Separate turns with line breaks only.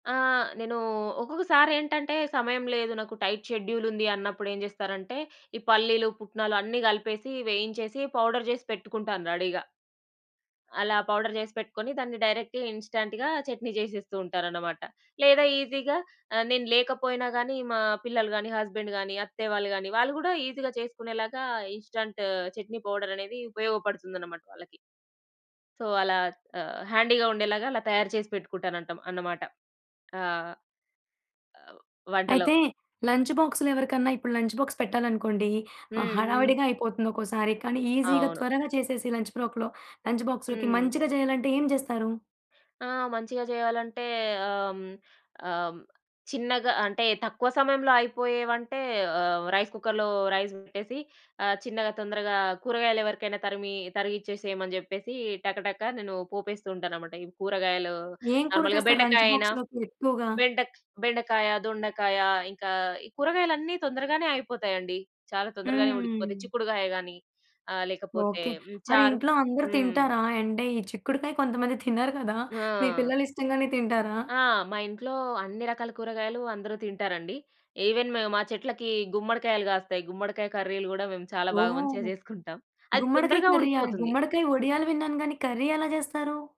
ఆ! నేను ఒక్కొక్కసారి ఏంటంటే సమయం లేదు నాకు టైట్ షెడ్యూలుంది అన్నప్పుడు ఏం జేస్తారంటే ఈ పల్లీలు, పుట్నాలు అన్ని కలిపేసి వేయించేసి పౌడర్ జేసి పెట్టుకుంటాను రెడీగా. అలా పౌడర్ జేసి పెట్టుకొని దాన్ని డైరెక్ట్‌గా ఇన్‌స్టాంట్‌గా చట్నీ చేసేస్తూ ఉంటారనమాట. లేదా ఈజీగా ఆహ్, నేను లేకపోయినా గానీ మా పిల్లలు గానీ, హస్బెండ్ గానీ, అత్తయ్య వాళ్ళు గానీ, వాళ్ళు గూడా ఈజీగా చేసుకునేలాగా ఇన్‌స్టాంట్ చట్నీ పౌడర్ అనేది ఉపయోగపడుతుందనమాట వాళ్ళకి. సో, అలా ఆహ్, హ్యాండీ‌గా ఉండేలాగా అలా తయారు చేసి పెట్టుకుంటానంటాం అన్నమాట. ఆ! అవు వంటలో.
అయితే లంచ్ బాక్స్‌లో ఎవరికన్నా ఇప్పుడు లంచ్ బాక్స్ పెట్టాలనుకోండి ఆహ్,
హ్మ్. హ్మ్.
హడావిడిగా అయిపోతుంది. ఒక్కోసారి కానీ ఈజీగా
అవును.
త్వరగా చేసేసి లంచ్ ప్రోక్‌లో లంచ్ బాక్స్‌లోకి
హ్మ్.
మంచిగా చేయాలంటే ఏం జేస్తారు?
ఆ! మంచిగా చేయాలంటే ఆహ్, హ్మ్. ఆహ్, హ్మ్. చిన్నగా అంటే తక్కువ సమయంలో అయిపోయే వంటే ఆహ్, రైస్ కుక్కర్‌లో రైస్ పెట్టేసి ఆ చిన్నగా తొందరగా కూరగాయలు ఎవరికైనా తరిమి తరిగిచ్చేసేయమని జెప్పేసి టక-టక నేను పోపేస్తూ ఉంటాననమాట. ఈ కూరగాయలు
ఏం కూర
నార్మల్‌గా
చేస్తారు లంచ్
బెండకాయ అయినా
బాక్స్‌లోకి ఎక్కువగా?
బెండక్ బెండకాయ, దొండకాయ ఇంకా ఈ కూరగాయలన్నీ తొందరగానే అయిపోతాయండి. చాలా తొందరగానే ఉడికిపోతాయి
హ్మ్.
చిక్కుడుగాయ గానీ ఆహ్, లేకపోతే
ఓకే.
హ్మ్.
మరి
చారు.
ఇంట్లో అందరు
హ్మ్.
తింటారా? అంటే ఈ చిక్కుడుకాయ కొంతమంది తినరు గదా! మీ
ఆ!
పిల్లలు ఇష్టంగానే తింటారా?
ఆ! మా ఇంట్లో అన్ని రకాల కూరగాయలు అందరూ తింటారండి. ఈవెన్ మ్ మా చెట్లకి గుమ్మడికాయలు గాస్తాయి. గుమ్మడికాయ కర్రీలు గూడా మేము చాలా బాగా
ఓహ్!
మంచిగా చేసుకుంటాం. అది
గుమ్మడికాయ
తొందరగా
కర్రీయా?
ఉడికిపోతుంది.
గుమ్మడికాయ ఒడియాలు విన్నాను గానీ కర్రీ ఎలా చేస్తారు?